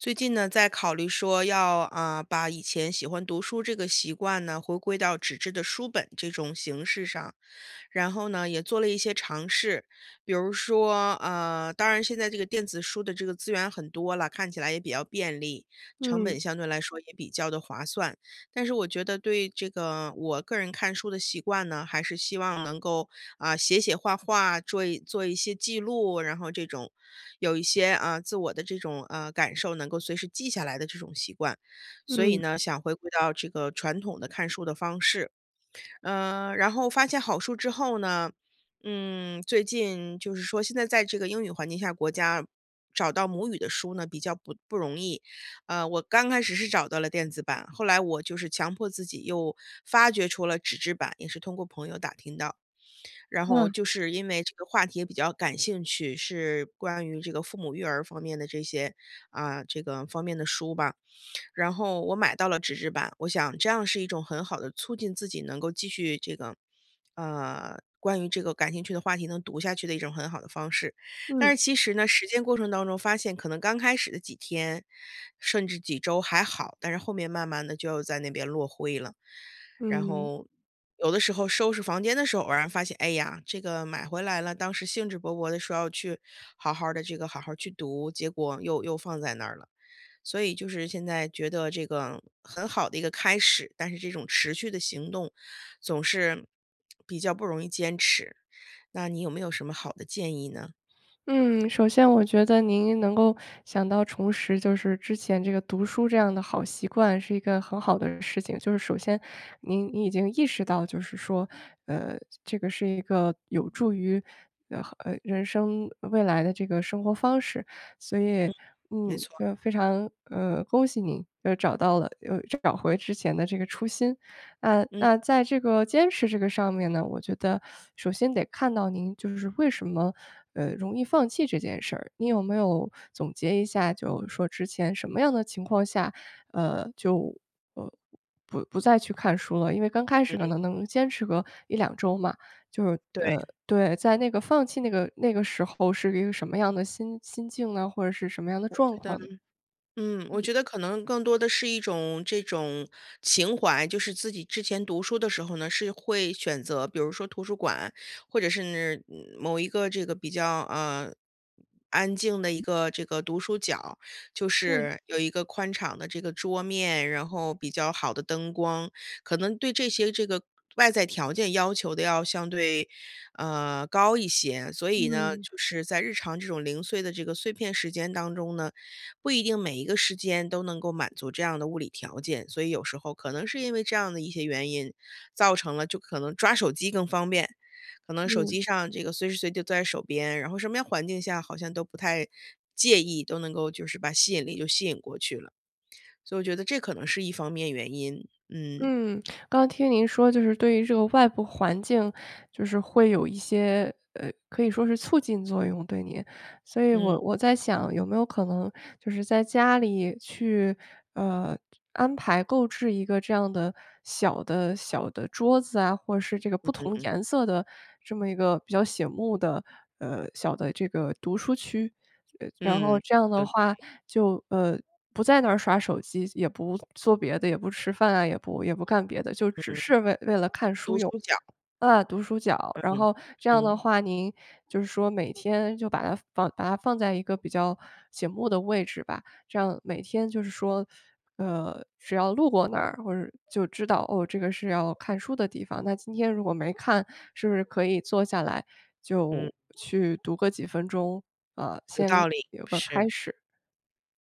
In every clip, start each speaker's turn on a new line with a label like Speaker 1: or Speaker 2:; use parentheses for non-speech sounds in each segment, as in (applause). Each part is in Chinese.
Speaker 1: 最近呢，在考虑说要，啊，把以前喜欢读书这个习惯呢，回归到纸质的书本这种形式上，然后呢也做了一些尝试。比如说呃，当然现在这个电子书的这个资源很多了，看起来也比较便利，成
Speaker 2: 嗯。
Speaker 1: 本相对来说也比较地划算。但是我觉得对这个，我个人看书的习惯呢，还是希望能够，啊，写写画画，桌一做一些记录，然后这种有一些，呃，自我的这种，呃，感受，能够随时记下来的这种习惯。所以
Speaker 2: 嗯。
Speaker 1: 呢，想回归到这个传统的看书的方式。呃，然后发现好书之后呢嗯，最近就是说现在在这个英语环境下国家找到母语的书呢比较不不容易。呃，我刚开始是找到了电子版，后来我就是强迫自己又发掘出了纸质版，也是通过朋友打听到。(smacks lips) 然后
Speaker 2: 嗯。
Speaker 1: 就是因为这个话题也比较感兴趣，是关于这个父母育儿方面的这些啊，这个方面的书吧。(smacks lips) 然后我买到了纸质版，我想这样是一种很好地促进自己能够继续这个呃，关于这个感兴趣的话题能读下去的一种很好的方式。
Speaker 2: 嗯。
Speaker 1: 但是其实呢，实践过程当中发现可能刚开始的几天，甚至几周还好，但是后面慢慢地就要在那边落灰了。然
Speaker 2: 嗯。
Speaker 1: 后有的时候收拾房间的时候偶然发现，哎呀，这个买回来了，当时兴致勃勃地说要去好好儿地这个，好好儿去读，结果又又放在那儿了。所以就是现在觉得这个很好的一个开始，但是这种持续的行动总是 (smacks lips) 比较不容易坚持。那你有没有什么好的建议呢？
Speaker 2: 嗯，首先我觉得您能够想到重拾就是之前这个读书这样的好习惯是一个很好的事情。就是首先您您已经意识到就是说，呃，这个是一个有助于，呃呃，人生未来的这个生活方式，所以，
Speaker 1: 嗯，没
Speaker 2: 嗯，
Speaker 1: 错。
Speaker 2: 就非常呃，恭喜你又找到了又找回之前的这个初心。呃，
Speaker 1: 嗯。
Speaker 2: 那在这个坚持这个上面呢，我觉得 (sucks teeth) 首先得看到您就是为什么，呃，容易放弃这件事儿，你有没有 (sucks teeth) 总结一下就是说之前什么样的情况下，呃，就，呃，不不再去看书了？因为刚开始可
Speaker 1: 嗯。
Speaker 2: 能能坚持个1-2周嘛，就是呃，
Speaker 1: 对。
Speaker 2: 对，在那个放弃那个那个时候是一个什么样的心心境呢？或者是什么样的
Speaker 1: 我觉
Speaker 2: 状
Speaker 1: 得
Speaker 2: 况呢？
Speaker 1: 嗯，我
Speaker 2: 嗯。
Speaker 1: 觉得可能更多的是一种这种情怀。就是自己之前读书的时候呢，是会选择比如说图书馆，或者是，某一个这个比较，呃，安静的一个这个，读书角儿。就
Speaker 2: 嗯。
Speaker 1: 是有一个宽敞的这个桌面，然后比较好的灯光，可能对这些这个外在条件要求得要相对，呃，高一些。所以呢，
Speaker 2: 嗯。
Speaker 1: 就是在日常这种零碎的这个碎片时间当中呢，不一定每一个时间都能够满足这样的物理条件。所以有时候可能是因为这样的一些原因，造成了就可能抓手机更方便，可能手
Speaker 2: 嗯。
Speaker 1: 机上这个随时随地都在手边，然后身边环境下好像都不太介意，都能够就是把吸引力就吸引过去了。(smacks lips) 所以我觉得这可能是一方面原因，嗯。
Speaker 2: 嗯，(smacks lips) 刚听您说就是对于这个外部环境就是会有一些，呃，可以说是促进作用对您，所以
Speaker 1: 嗯。
Speaker 2: 我我在想有没有可能就是在家里去，呃，就安排购置一个这样的小的小的桌子啊，或者是这个不同
Speaker 1: 嗯。
Speaker 2: 颜色的这么一个比较醒目的，呃，小的这个读书区？呃，然后
Speaker 1: 嗯，
Speaker 2: 这样的
Speaker 1: 有道
Speaker 2: 话，
Speaker 1: 理。
Speaker 2: 就，呃，不在那儿刷手机，也不做别的，也不吃饭啊，也不也不干别的，就
Speaker 1: 嗯，
Speaker 2: 只是为为了看
Speaker 1: (smacks lips)
Speaker 2: 书
Speaker 1: 读
Speaker 2: 用。
Speaker 1: 书角儿。
Speaker 2: 嗯，读书角。然
Speaker 1: 嗯，
Speaker 2: 后这样的
Speaker 1: 嗯。
Speaker 2: 话您就是说每天就把它放把它放在一个比较醒目的位置吧，这样每天就是说呃，只要路过那儿，或者是就知道：“哦，这个是要看书的地方。”那今天如果没看，是不是可以坐下来
Speaker 1: 嗯。
Speaker 2: 就去读个几分钟呃，
Speaker 1: 有
Speaker 2: 先
Speaker 1: 道理，
Speaker 2: 有个
Speaker 1: 是。
Speaker 2: 开始。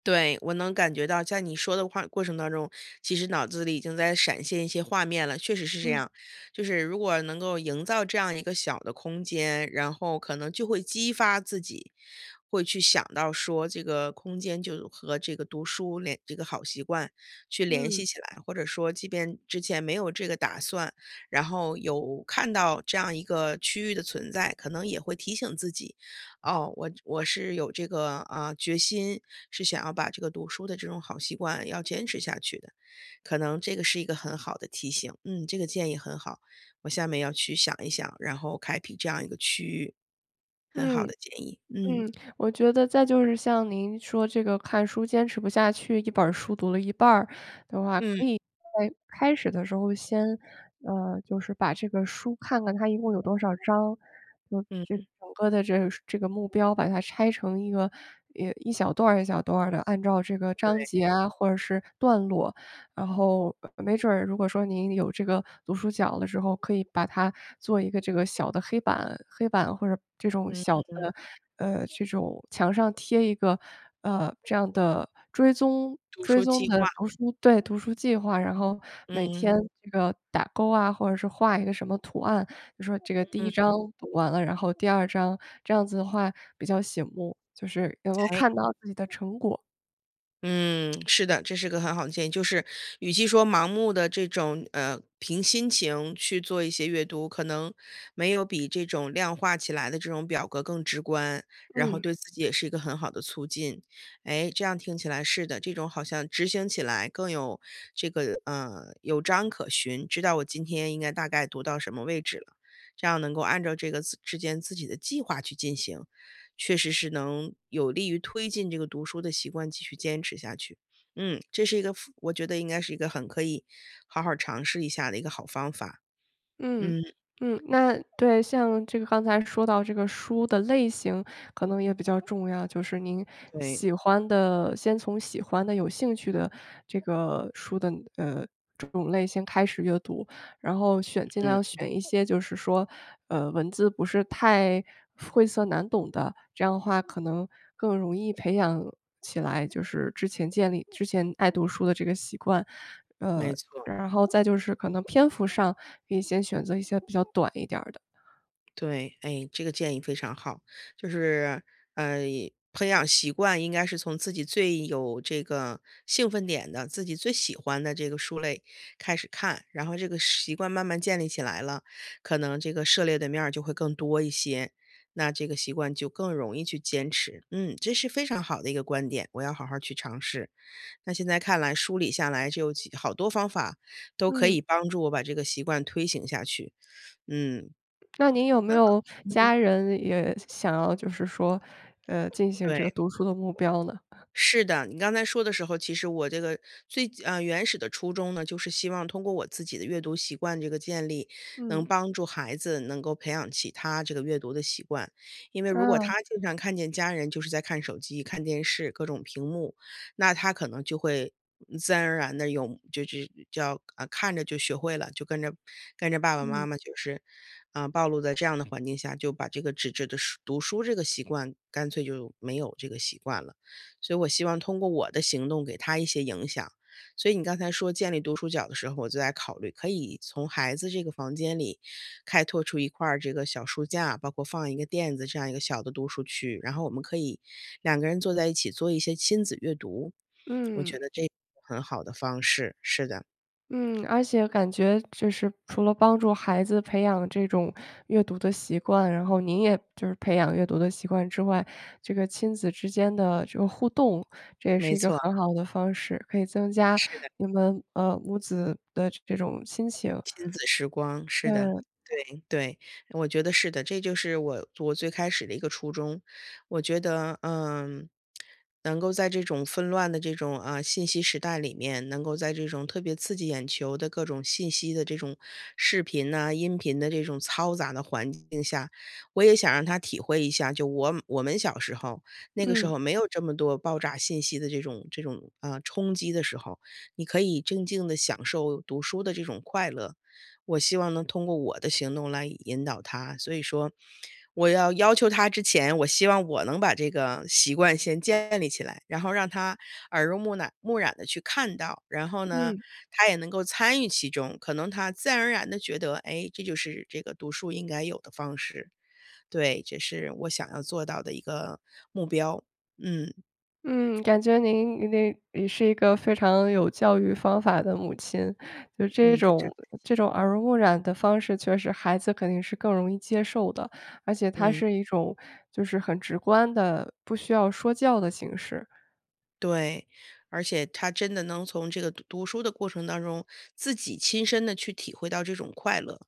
Speaker 1: 对，我能感觉到在你说的话过程当中，其实脑子里已经在闪现一些画面了，确实是这
Speaker 2: 嗯。
Speaker 1: 样，就是如果能够营造这样一个小的空间，然后可能就会激发自己，会去想到说这个空间就和这个读书联这个好习惯去联系
Speaker 2: 嗯。
Speaker 1: 起来，或者说即便之前没有这个打算，然后有看到这样一个区域的存在，可能也会提醒自己，哦，我我是有这个啊，决心，是想要把这个读书的这种好习惯要坚持下去的，可能这个是一个很好的提醒，嗯，这个建议很好，我下面要去想一想，然后开辟这样一个区域。很
Speaker 2: 嗯，
Speaker 1: 好的建议，嗯。
Speaker 2: 嗯，我觉得再就是像您说这个看书坚持不下去1本书读了一半儿的话，
Speaker 1: 嗯。
Speaker 2: 可以在开始的时候先呃，就是把这个书看看它一共有多少章，就这个
Speaker 1: 嗯。
Speaker 2: 整个的这个这个目标把它拆成一个，呃，一小段儿一小段儿的，按照这个章节
Speaker 1: 对。
Speaker 2: 啊，或者是段落，然后，呃，没准儿如果说您有这个读书角的时候，可以把它做一个这个小的黑板，黑板或者这种
Speaker 1: 嗯
Speaker 2: 小的，
Speaker 1: 嗯。
Speaker 2: 呃，就这种墙上贴一个，呃，这样的追踪
Speaker 1: 读
Speaker 2: 追
Speaker 1: 书
Speaker 2: 踪
Speaker 1: 计
Speaker 2: 的
Speaker 1: 划。
Speaker 2: 读书对，读书计划，然后每
Speaker 1: 嗯。
Speaker 2: 天这个打勾啊，或者是画一个什么图案，就说这个第
Speaker 1: 嗯
Speaker 2: 1章
Speaker 1: 嗯。
Speaker 2: 读完了，然后第2章，这样子的话比较醒目，就是能够
Speaker 1: 诶。
Speaker 2: 看到自己的成果。
Speaker 1: 嗯，是的，这是个很好的建议，就是与其说盲目地这种呃，凭心情去做一些阅读，可能没有比这种量化起来的这种表格更直观，然后
Speaker 2: 嗯。
Speaker 1: 对自己也是一个很好的促进，哎，这样听起来是的，这种好像执行起来更有这个呃，有章可循，知道我今天应该大概读到什么位置了，这样能够按照这个自之间自己的计划去进行。确实是能有利于推进这个读书的习惯继续坚持下去，嗯，这是一个，非我觉得应该是一个很可以好好儿尝试一下的一个好方法。
Speaker 2: 嗯，
Speaker 1: 嗯。
Speaker 2: 嗯，那对，像这个刚才说到这个书的类型可能也比较重要，就是您
Speaker 1: 对。
Speaker 2: 喜欢的先从喜欢的、有兴趣的这个书的呃，这种类型开始阅读，然后选尽
Speaker 1: 嗯。
Speaker 2: 量选一些就是说，呃，文字不是太晦涩难懂的，这样的话可能更容易培养起来，就是之前建立之前爱读书的这个习惯。呃，
Speaker 1: 没错。
Speaker 2: 然后再就是可能篇幅上可以先选择一些比较短一点儿的。
Speaker 1: 对，哎，这个建议非常好，就是呃，培养习惯应该是从自己最有这个兴奋点的，自己最喜欢的这个书类开始看，然后这个是习惯慢慢建立起来了，可能这个涉猎的面儿就会更多一些，那这个习惯就更容易去坚持。嗯，这是非常好的一个观点，我要好好儿去尝试。那现在看来梳理下来就好多方法都可
Speaker 2: 嗯。
Speaker 1: 以帮助我把这个习惯推行下去，嗯。
Speaker 2: 那您有没
Speaker 1: 很好，
Speaker 2: 有
Speaker 1: 嗯。
Speaker 2: 家人也想想要就是说，呃，进行这个
Speaker 1: 对。
Speaker 2: 读书的目标呢？
Speaker 1: 是的，你刚才说的时候，其实我这个最，啊，原始的初衷呢，就是希望通过我自己的阅读习惯这个建立，能
Speaker 2: 嗯。
Speaker 1: 帮助孩子能够培养起他这个阅读的习惯，因为如果
Speaker 2: 啊。
Speaker 1: 他经常看见家人就是在看手机、看电视、各种屏幕，那他可能就会，嗯，自然而然地用这这叫呃，看着就学会了，就跟着跟着爸爸妈
Speaker 2: 嗯。
Speaker 1: 妈就是，啊，暴露在这样的环境下，就把这个纸质的书读书这个习惯干脆就没有这个习惯了。所以我希望通过我的行动给他一些影响。所以你刚才说建立读书角的时候，我就在考虑可以从孩子这个房间里开拓出一块儿这个小书架，包括放一个垫子这样一个小的读书区，然后我们可以两个人坐在一起做一些亲子阅读，我觉
Speaker 2: 嗯。
Speaker 1: 得这是个很好的方式，是的。
Speaker 2: 嗯，而且感觉就是除了帮助孩子培养这种阅读的习惯，然后您也就是培养阅读的习惯之外，这个亲子之间的这个互动，这也
Speaker 1: 没
Speaker 2: 是一个
Speaker 1: 错。
Speaker 2: 很好的方式，可以增加
Speaker 1: 是的。
Speaker 2: 你们，呃，母子的这种亲情。
Speaker 1: 亲子时光，是的，
Speaker 2: 对。
Speaker 1: 对，对，我觉得是的，这就是我我最开始的一个初衷。我觉得，嗯，能够在这种纷乱的这种，嗯，信息时代里面，能够在这种特别刺激眼球的各种信息的这种视频啊，音频的这种嘈杂的环境下，我也想让他体会一下，就我我们小时候，那个时
Speaker 2: 嗯。
Speaker 1: 候没有这么多爆炸信息的这种这种，呃，冲击的时候，你可以静静地享受读书的这种快乐。我希望能通过我的行动来引导他，所以说，我要要求他之前，我希望我能把这个习惯先建立起来，然后让他耳濡目染目染地去看到，然后呢，
Speaker 2: 嗯。
Speaker 1: 他也能够参与其中，可能他自然而然地觉得，诶，这就是这个读书应该有的方式。对，这是我想要做到的一个目标，嗯。
Speaker 2: 嗯，感觉您您也是一个非常有教育方法的母亲，就这
Speaker 1: 嗯，非常
Speaker 2: 种
Speaker 1: 感谢。
Speaker 2: 这种耳濡目染的方式确实孩子肯定是更容易接受的，而且他
Speaker 1: 嗯。
Speaker 2: 是一种就是很直观的，不需要说教的形式。
Speaker 1: 对，而且他真的能从这个读读书的过程当中，自己亲身地去体会到这种快乐，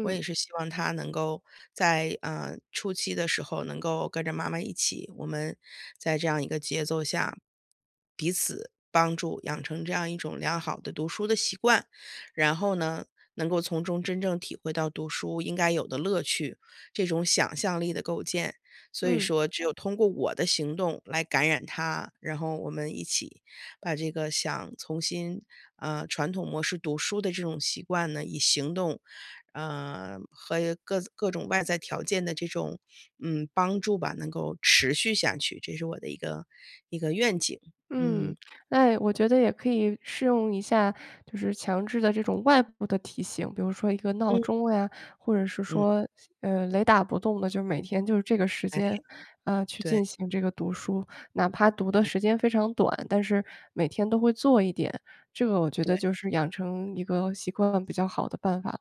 Speaker 1: 我也是希望他能够在，嗯，初期的时候能够跟着妈妈一起，我们在这样一个节奏下，彼此帮助，养成这样一种良好的读书的习惯。然后呢，能够从中真正体会到读书应该有的乐趣，这种想象力的构建。所以
Speaker 2: 嗯。
Speaker 1: 说只有通过我的行动来感染他，然后我们一起把这个想重新，呃，传统模式读书的这种习惯呢，以行动，呃，和各各种外在条件的这种，嗯，帮助吧，能够持续下去，这是我的一个一个愿景，嗯。
Speaker 2: 嗯，哎，我觉得也可以试用一下，就是强制的这种外部的提醒，比如说一个闹
Speaker 1: 嗯。
Speaker 2: 钟呀，或者是
Speaker 1: 嗯。
Speaker 2: 说，呃，雷打不动的，就每天就是这个时
Speaker 1: 哎，
Speaker 2: 间，呃，去
Speaker 1: 对。
Speaker 2: 进行这个读书，哪怕读的
Speaker 1: 嗯。
Speaker 2: 时间非常短，但是每天都会做一点，这个我觉得
Speaker 1: 对。
Speaker 2: 就是养成一个习惯比较好的办法。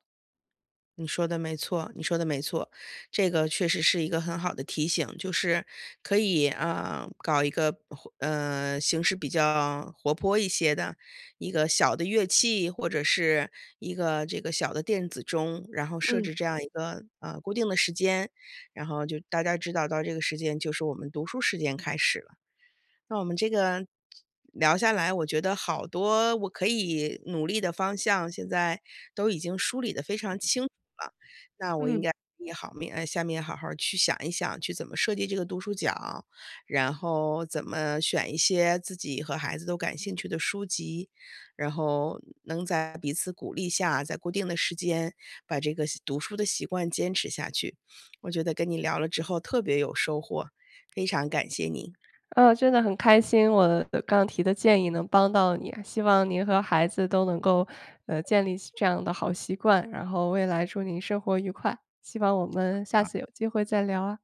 Speaker 1: 你说得没错，你说得没错。这个确实是一个很好的提醒，就是可以，呃，搞一个，活呃，形式比较活泼一些的一个小的乐器，或者是一个这个小的电子钟，然后设
Speaker 2: 嗯。
Speaker 1: 置这样一个，呃，固定的时间，然后就大家知道到这个时间就是我们读书时间开始了。那我们这个聊下来，我觉得好多我可以努力的方向，现在都已经梳理得非常清楚了，那我应
Speaker 2: 嗯。
Speaker 1: 该 (unintelligible) 哎，下面好好去想一想去怎么设计这个读书角，然后怎么选一些自己和孩子都感兴趣的书籍。然后能在彼此鼓励下，在固定的时间把这个习读书的习惯坚持下去。(sniffs) 我觉得跟你聊了之后特别有收获，非常感谢您。
Speaker 2: 嗯，真的很开心我刚提的建议能帮到你，希望您和孩子都能够，呃，建立起这样的好习惯，然后未来祝您生活愉快，希望我们下
Speaker 1: 啊。
Speaker 2: 次有机会再聊啊。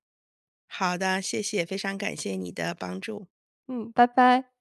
Speaker 1: 好的，谢谢。非常感谢你的帮助。
Speaker 2: 嗯，拜拜。